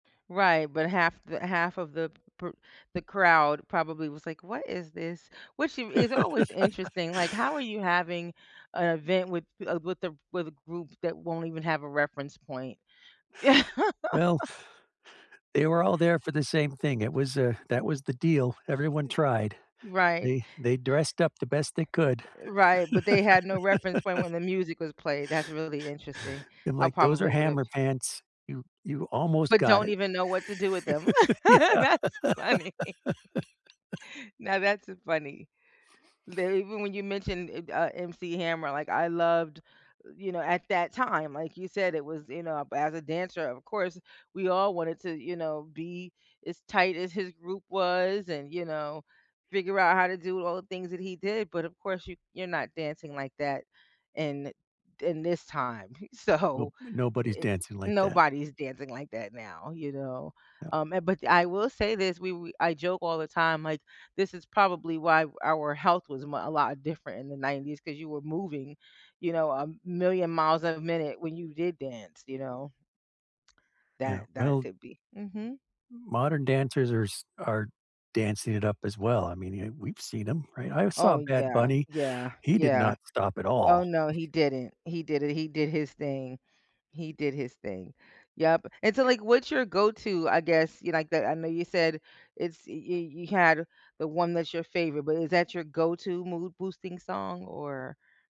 Right, but half the half of the per the crowd probably was like, "What is this?" which is always interesting, like, how are you having a event with a with a with a group that won't even have a reference point? Well they were all there for the same thing. It was, uh, that was the deal. Everyone tried. E right. They they dressed up the best they could. Eh right, but they had no reference point when the music was played. That's really interesting. and, I like, those probably are would've Hammer pants. You you almost But got don't it. even know what to do with them. Yeah. That's funny. Now that's a funny. They even when you mentioned, eh uh MC Hammer, like, I loved you know, at that time, like you said, it was, you know, as a dancer, of course, we all wanted to, you know, be as tight as his group was and, you know, figure out how to do all the things that he did, but of course you you're not dancing like that, in in this time. No So, nobody's it dancing like that. nobody's dancing like that now, you know, No. um, and but I will say this, we we I joke all the time, like, this is probably why our health was mu a lot different in the 90s 'cause you were moving, you know, a million miles a minute when you did dance, you know. Yeah, That that well could be. Mhm. modern dancers are s are dancing it up as well, I mean, ye we've seen him, right? I saw Oh, Bad yeah, Bunny. yeah, He did yeah. not stop at Oh, all. no, he didn't, he did it, he did his thing, he did his thing, yep. And so, like, what's your go to, I guess, you like that I know you said it's y y you had the one that's your favorite, but is that your go to mood boosting song, or?